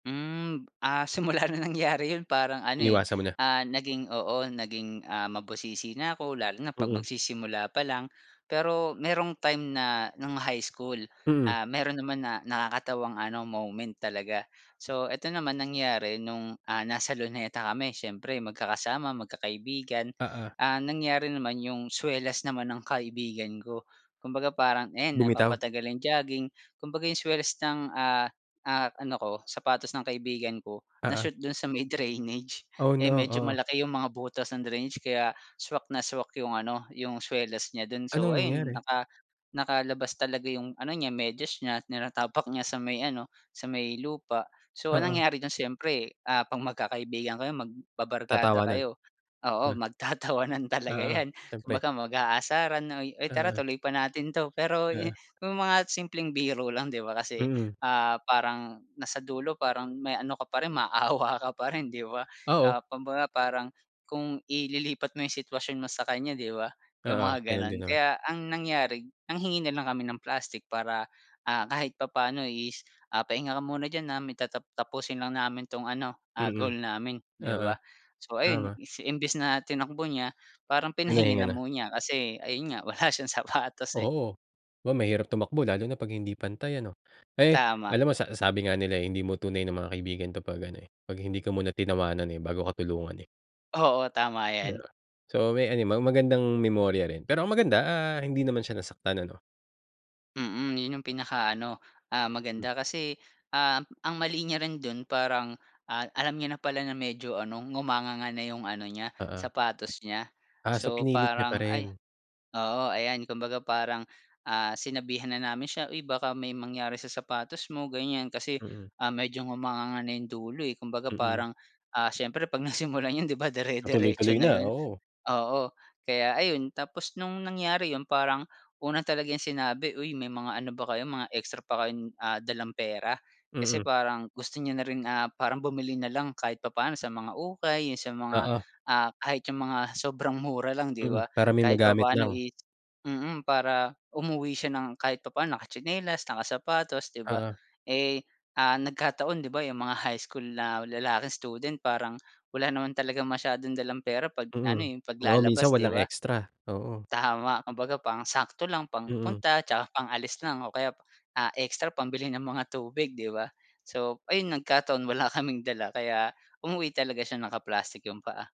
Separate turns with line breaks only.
Hmm, ah, simula ng nangyari yun parang ano eh,
Iniwasan mo na.
ah, naging oo, naging ah, mabusisi na ako, lalo na pag
Mm.
magsisimula pa lang. Pero merong time na ng high school
Mm.
ah, meron naman na nakakatawang ano moment talaga. So, eto naman, nangyari nung, ah, nasa Luneta kami siyempre magkakasama, magkakaibigan,
Oo.
ah, nangyari naman yung swelas naman ng kaibigan ko. Kumbaga parang, ayan
Bumitaw.
napapatagal ang jogging kumbaga yung swelas ng ah, ah, ano ko, sapatos ng kaibigan ko, na
Oo.
shoot dun sa may drainage,
Oh,
eh,
no,
medyo
oh.
malaki yung mga butas ng drainage kaya swak na swak yung ano yung swelas niya dun.
Anong
So ayun,
nangyari?
naka nakalabas talaga yung ano niya medyas niya, tinatapak niya sa may ano, sa may lupa. So ang
Oo.
nangyari dun, siyempre ah, 'pag magkakaibigan kayo, magbabarkada
Tatawanan
kayo, oo,
ah.
magtatawanan talaga
Oo,
yan.
siyempre.
Kumbaga mag-aasaran na, "Uy tara
Oo.
tuloy pa natin 'to. "Pero yu
Oo.
yung mga simpleng biro lang, 'di ba, kasi
Mm.
ah, parang nasa dulo parang may ano ka pa rin maawa ka pa rin, 'di ba,
Oo.
na kumbaga parang kung ililipat mo yung sitwasyon mo sa kanya, 'di ba, yung
Oo,
mga
ganun din
ganon.
naman.
Kaya ang nangyari nanghingi na lang kami ng plastic para, ah, kahit papaano is ah, "Pahinga ka muna diyan ah, may tatap tapusin lang namin 'tong ano ah,
Mm.
goal namin," 'di
Oo,
ba. So ayun,
tama.
is imbes na tinakbo niya, parang pinahingi
Pinahinga
na
na.
mo niya kasi ayun nga wala siyang sapatos, eh.
Oo, aba mahirap tumakbo lalo na 'pag hindi pantay ano. Eh,
Tama.
alam mo sa sabi nga nila eh, hindi mo tunay na mga kaibigan 'to 'pag ano eh, 'pag hindi ka muna tinawanan eh, bago ka tulungan, eh.
Oo, tama
Yeah,
yan.
so may ano, may magandang memorya rin. Pero ang maganda ah, hindi naman siya nasaktan ano.
Mm, yun yung pinakaano ah, maganda kasi ah, ang mali niya rin dun parang ah, alam niya na pala na medyo ano, ngumanganga na yung ano niya
Oo.
sapatos niya.
Ah, so
So
pinilit niya pa
parang ay
rin.
oo ayan kumbaga parang ah, sinabihan na namin siya, "Uy baka may mangyari sa sapatos mo," ganyan kasi
Mm.
ah, medyo ngumanganga na yung dulo, eh. Kumbaga
Mhm.
parang ah, siyempre 'pag nasimulan yun 'di ba, dire-diretso
Matuloy-tuloy
na
na,
yun,
oo.
oo. Kaya ayun, tapos nung nangyari yun, parang una talaga niyang sinabi, "Uy may mga ano ba kayo, mga extra pa kayong ah, dalang pera?" Kasi
Mm.
parang gusto niya na rin ah, parang bumili na lang kahit papaano sa mga ukay yung sa mga,
Oo.
ah, kahit yun mga sobrang mura lang, 'di
Mm,
ba,
para may
kahit
magamit
papaano
lang.
is mm, para umuwi siya ng kahit papaano nakatsinelas nakasapatos, 'di ba.
Oo.
Eh, ah, nagkataon di ba, yung mga high school na lalaking student parang wala naman talagang masyadong dalang pera 'pag na ano,
Mm.
eh,
Oo, minsan
paglalabas, 'di
walang
ba?
extra, oo.
Tama. Kumbaga pang-sakto lang,
Mm.
pang-punta tsaka pang-alis lang o kaya ah, ekstra pambili ng mga tubig, 'di ba. So ayun, nagkataon wala kaming dala kaya umuwi talaga siya naka-plastik yung paa.